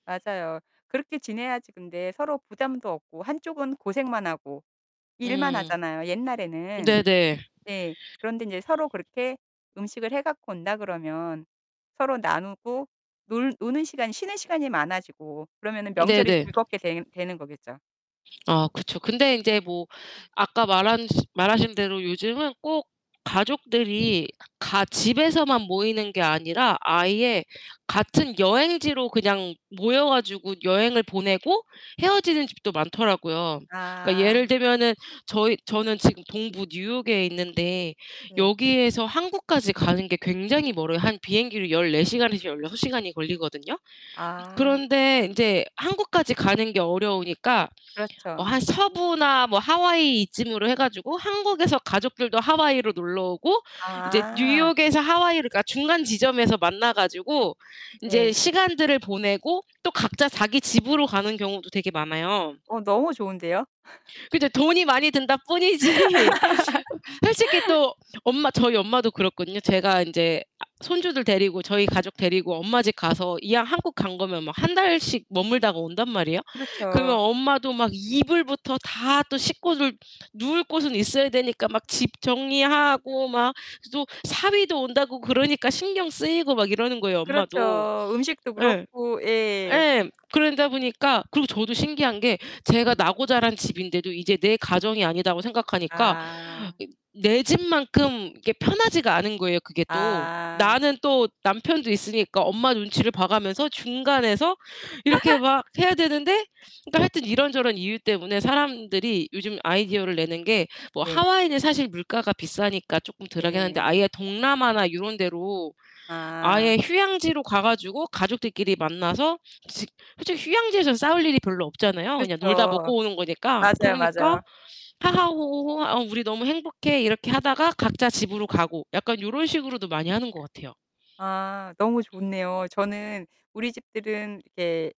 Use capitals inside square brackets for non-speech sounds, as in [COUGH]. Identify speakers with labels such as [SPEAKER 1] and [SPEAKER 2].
[SPEAKER 1] 맞아요. 그렇게 지내야지 근데 서로 부담도 없고 한 쪽은 고생만 하고 일만
[SPEAKER 2] 음.
[SPEAKER 1] 하잖아요 옛날에는.
[SPEAKER 2] 네네.
[SPEAKER 1] 예. 그런데 인제 서로 그렇게 음식을 해 갖고 온다 그러면 서로 나누고 놀 노는 시간, 쉬는 시간이 많아지고 그러면은 명절이
[SPEAKER 2] 네네.
[SPEAKER 1] 즐겁게 되 되는 거겠죠.
[SPEAKER 2] 아 그쵸. 근데 인제 뭐 아까 말한 말하신 대로 요즘은 꼭 가족들이 가 집에서만 모이는 게 아니라 아예 같은 여행지로 그냥 모여 가지고 여행을 보내고 헤어지는 집도 많더라고요. 그러니까
[SPEAKER 1] 아.
[SPEAKER 2] 예를 들면은 저희 저는 지금 동부 뉴욕에 있는데
[SPEAKER 1] 예.
[SPEAKER 2] 여기에서 한국까지 가는 게 굉장히 멀어요. 한 비행기로 14 시간에서 16 시간이 걸리거든요?
[SPEAKER 1] 아.
[SPEAKER 2] 그런데 인제 한국까지 가는 게 어려우니까 어
[SPEAKER 1] 그렇죠.
[SPEAKER 2] 한 서부나 뭐 하와이 이쯤으로 해 가지고 한국에서 가족들도 하와이로 놀러 오고 인제
[SPEAKER 1] 아.
[SPEAKER 2] 뉴욕에서 하와이를 그러니까 중간 지점에서 만나 가지고 인제
[SPEAKER 1] 예.
[SPEAKER 2] 시간들을 보내고 또 각자 자기 집으로 가는 경우도 되게 많아요.
[SPEAKER 1] 어 너무 좋은데요?
[SPEAKER 2] 그죠. 돈이 많이 든다 뿐이지. 어 솔직히
[SPEAKER 1] [LAUGHS]
[SPEAKER 2] 또 엄마 저희 엄마도 그렇거든요. 제가 인제 아 손주들 데리고 저희 가족 데리고 엄마 집 가서 이왕 한국 간 거면 막 1 달씩 머물다가 온단 말이에요. 그러면
[SPEAKER 1] 그렇죠.
[SPEAKER 2] 엄마도 막 이불부터 다 또 식구들 누울 곳은 있어야 되니까 막 집 정리하고 막 또 사위도 온다고 그러니까 신경 쓰이고 막 이러는 거예요 엄마도.
[SPEAKER 1] 그렇죠. 음식도
[SPEAKER 2] 예.
[SPEAKER 1] 그렇고. 예.
[SPEAKER 2] 예. 그러다 보니까 그리고 저도 신기한 게 제가 나고 자란 집인데도 이제 내 가정이 아니다고 생각하니까
[SPEAKER 1] 아.
[SPEAKER 2] 이 내 집만큼 이렇게 편하지가 않은 거예요 그게 또.
[SPEAKER 1] 아.
[SPEAKER 2] 나는 또 남편도 있으니까 엄마 눈치를 봐 가면서 중간에서 이렇게
[SPEAKER 1] [LAUGHS]
[SPEAKER 2] 막 해야 되는데 그니까 하여튼 이런저런 이유 때문에 사람들이 요즘 아이디어를 내는 게 뭐
[SPEAKER 1] 네.
[SPEAKER 2] 하와이는 사실 물가가 비싸니까 쪼끔 덜하긴 한데
[SPEAKER 1] 예.
[SPEAKER 2] 아예 동남아나 요런 데로
[SPEAKER 1] 아.
[SPEAKER 2] 아예 휴양지로 가 가지고 가족들끼리 만나서 솔직 솔직히 휴양지에선 싸울 일이 별로 없잖아요 그냥 놀다
[SPEAKER 1] 그렇죠.
[SPEAKER 2] 먹고 오는 거니까.
[SPEAKER 1] 맞아요,
[SPEAKER 2] 그러니까
[SPEAKER 1] 맞아요.
[SPEAKER 2] "하하 호호호. 아 우리 너무 행복해" 이렇게 하다가 각자 집으로 가고. 약간 요런 식으로도 많이 하는 것 같아요.
[SPEAKER 1] 아. 너무 좋네요. 저는 우리 집들은 이게